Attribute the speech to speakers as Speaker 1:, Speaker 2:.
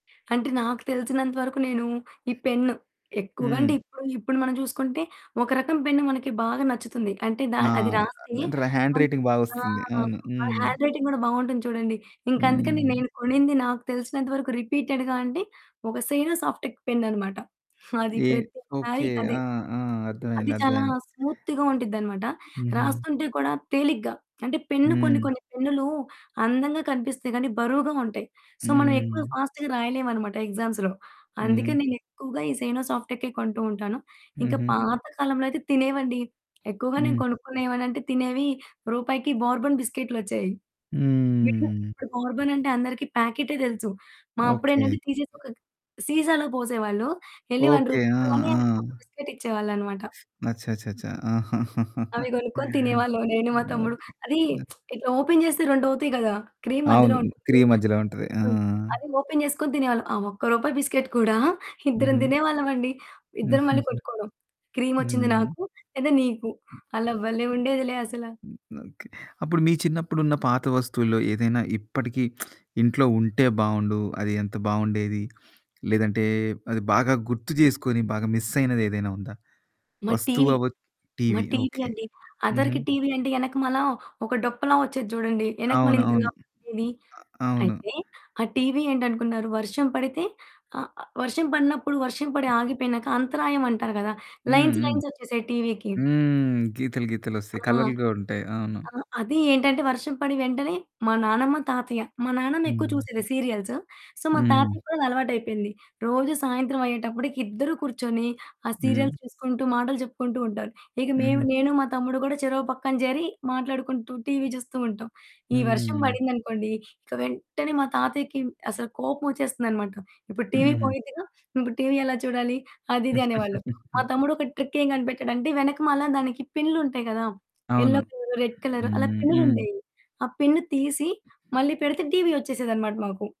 Speaker 1: అంటే నాకు తెలిసినంత వరకు నేను ఈ పెన్ను. ఎక్కువగా
Speaker 2: హ్మ్.
Speaker 1: అంటే ఇప్పుడు ఇప్పుడు మనం చూసుకుంటే, ఒక రకం పెన్ను మనకి బాగా నచ్చుతుంది. అంటే దా
Speaker 2: ఆ!
Speaker 1: అది
Speaker 2: [unintelligible]
Speaker 1: రాసి.
Speaker 2: హ్యాండ్
Speaker 1: మనం
Speaker 2: రైటింగ్
Speaker 1: ఆ!
Speaker 2: బాగొస్తుంది. అవును.
Speaker 1: అది
Speaker 2: హ్మ్.
Speaker 1: హ్యాండ్ రైటింగ్ కూడా బావుంటుంది చూడండి. ఇంక అందుకని
Speaker 2: హ్మ్.
Speaker 1: నేను కొనింది. నాకు తెలిసినంత వరకు రిపీటెడ్‌గా అంటే, ఒక సేయినో సాఫ్టెక్ పెన్ అనమాట. హ్మ్. అది
Speaker 2: ఏ
Speaker 1: ప్రతిసారి
Speaker 2: ఓకే.
Speaker 1: అదే.
Speaker 2: ఆ! ఆ!
Speaker 1: అది
Speaker 2: అర్థమైంది.
Speaker 1: చాలా
Speaker 2: అర్థమైంది.
Speaker 1: స్మూత్‌గా ఉండిద్దనమాట.
Speaker 2: హుహు.
Speaker 1: రాస్తుంటే కూడా తేలిగ్గా. అంటే పెన్ను కొన్ని
Speaker 2: హ్మ్.
Speaker 1: కొన్ని పెన్నులు అందంగా కనిపిస్తాయి కానీ, బరువుగా ఉంటాయి. సో, మనం ఎక్కువ
Speaker 2: హ్మ్.
Speaker 1: ఫాస్ట్‌గా రాయలేము అనమాట ఎగ్జామ్స్‌లో.
Speaker 2: హుహు.
Speaker 1: అందుకే నేను ఎక్కువగా ఈ సేయినో సాఫ్టెక్ కొంటూ ఉంటాను. ఇంకా
Speaker 2: హుహు.
Speaker 1: పాత కాలంలో అయితే తినేవండి. ఎక్కువగా నేను
Speaker 2: హ్మ్.
Speaker 1: కొనుక్కునేవాన్ని అంటే తినేవి రూపాయికి బోర్బన్ బిస్కెట్‌లు వచ్చేవి విడిగా.
Speaker 2: హ్మ్.
Speaker 1: ఇప్పుడు బోర్బన్ అంటే అందరికి ప్యాకెటే తెలుసు. మా
Speaker 2: ఓకే.
Speaker 1: అప్పుడేంటంటే తీసేసి ఒక గ్ సీసాలో పోసేవాళ్ళు. ఎళ్లి 1
Speaker 2: ఓకే.
Speaker 1: రూపీ
Speaker 2: ఆ!
Speaker 1: ఇవ్వగానే
Speaker 2: ఆ!
Speaker 1: ఒక బిస్కిట్ ఇచ్చేవాళ్ళనమాట.
Speaker 2: అచ్చాచచ్చా! ఆహా!
Speaker 1: అవి కొనుక్కొని తినేవాళ్ళం. నేను మా తమ్ముడు.
Speaker 2: ఓకే.
Speaker 1: అది
Speaker 2: హ్మ్.
Speaker 1: ఇట్లా ఓపెన్ చేస్తే 2 అవుతాయి కదా! క్రీమ్ మధ్యలో
Speaker 2: అవును. క్రీ
Speaker 1: ఉంటుంది.
Speaker 2: మధ్యలో ఉంటుంది. ఆ!
Speaker 1: హ్మ్. అది ఓపెన్ చేసుకొని తినేవాళ్ళం. ఆ ఒక్క రూపాయి బిస్కిట్ కూడా ఇద్దరం
Speaker 2: హుహు.
Speaker 1: తినేవాళ్ళం అండి. ఇద్దరు మళ్ళి
Speaker 2: హ్మ్.
Speaker 1: కొట్టుకోవడం. క్రీమోచ్చింది
Speaker 2: హ్మ్.
Speaker 1: నాకు లేదా నీకు. అలా భలే ఉండేదిలే అసల.
Speaker 2: ఓకే. అప్పుడు మీ చిన్నప్పుడు ఉన్న పాత వస్తువుల్లో ఏదైనా ఇప్పటికి ఇంట్లో ఉంటే బావుండు. అది ఎంత బావుండేది. లేదంటే అది బాగా గుర్తు చేసుకొని, బాగా మిస్ అయినది ఏదైనా ఉందా?
Speaker 1: మా
Speaker 2: వస్తువు
Speaker 1: టీవీ
Speaker 2: అవ్వ
Speaker 1: మా
Speaker 2: టీవీ
Speaker 1: టీవీ
Speaker 2: ఓకే.
Speaker 1: అండి.
Speaker 2: హుహు.
Speaker 1: అదవరికి టీవీ అంటే వెనక మల్ల ఒక డొప్పలా వచ్చేది చూడండి. వెనక మళ్ళీ ఇంత
Speaker 2: అవునవును.
Speaker 1: లావుగా ఉండేది.
Speaker 2: ఆహ్ అవును.
Speaker 1: అయితే ఆ టీవీ ఏంటి అనుకున్నారు. వర్షం పడితే ఆహ్, వర్షం పడినప్పుడు వర్షం పడి
Speaker 2: అ!
Speaker 1: ఆగిపోయినాక అంతరాయం అంటారు కదా.
Speaker 2: హ్మ్.
Speaker 1: లైన్స్
Speaker 2: హ్మ్.
Speaker 1: లైన్స్ వచ్చేసాయి టీవీ‌కి.
Speaker 2: హ్మ్. గీతలు గీతలొస్తాయి.
Speaker 1: ఆ!
Speaker 2: కలర్లుగా ఉంటాయి. అవును.
Speaker 1: ఆహ్, అది ఏంటంటే వర్షం పడిన వెంటనే మా నానమ్మ, తాతయ్య, మా నాన్నమ్మ ఎక్కువ
Speaker 2: హ్మ్.
Speaker 1: చూసేది సీరియల్స్. సో మా
Speaker 2: హ్మ్.
Speaker 1: తాతయ్యకి కూడా అది అలవాటు అయిపోయింది. రోజు సాయంత్రం అయ్యేటప్పటికి ఇద్దరు కూర్చొని ఆ
Speaker 2: హ్మ్.
Speaker 1: సీరియల్స్ చూసుకుంటూ మాటలు చెప్పుకుంటూ ఉంటారు. ఇక మేము,
Speaker 2: హుహు.
Speaker 1: నేను మా తమ్ముడు కూడా చెరో పక్కన చేరి మాట్లాడుకుంటూ టీవీ చూస్తూ ఉంటాం. ఈ వర్షం
Speaker 2: హ్మ్.
Speaker 1: పడింది అనుకోండి. ఇక వెంటనే మా తాతయ్యకి అసలు కోపం వచ్చేస్తుందనమాట. "ఇప్పుడు టీవీ
Speaker 2: హుహు.
Speaker 1: పోయిద్దిగా. ఇప్పుడు టీవీ ఎలా చూడాలి?" అది ఇది అనేవాళ్ళు. మా తమ్ముడు ఒక ట్రిక్ ఏం కనిపెట్టాడంటే. వెనక మల దానికి పిన్లుంటాయి కదా! యెల్లో
Speaker 2: అవును.
Speaker 1: కలర్, రెడ్ కలర్ అలా
Speaker 2: హ్మ్.
Speaker 1: పిన్లు
Speaker 2: హ్మ్.
Speaker 1: ఉండేవి. ఆ పిన్ తీసి మళ్ళీ పెడితే టీవీ వచ్చేసేదనమాట మాకు.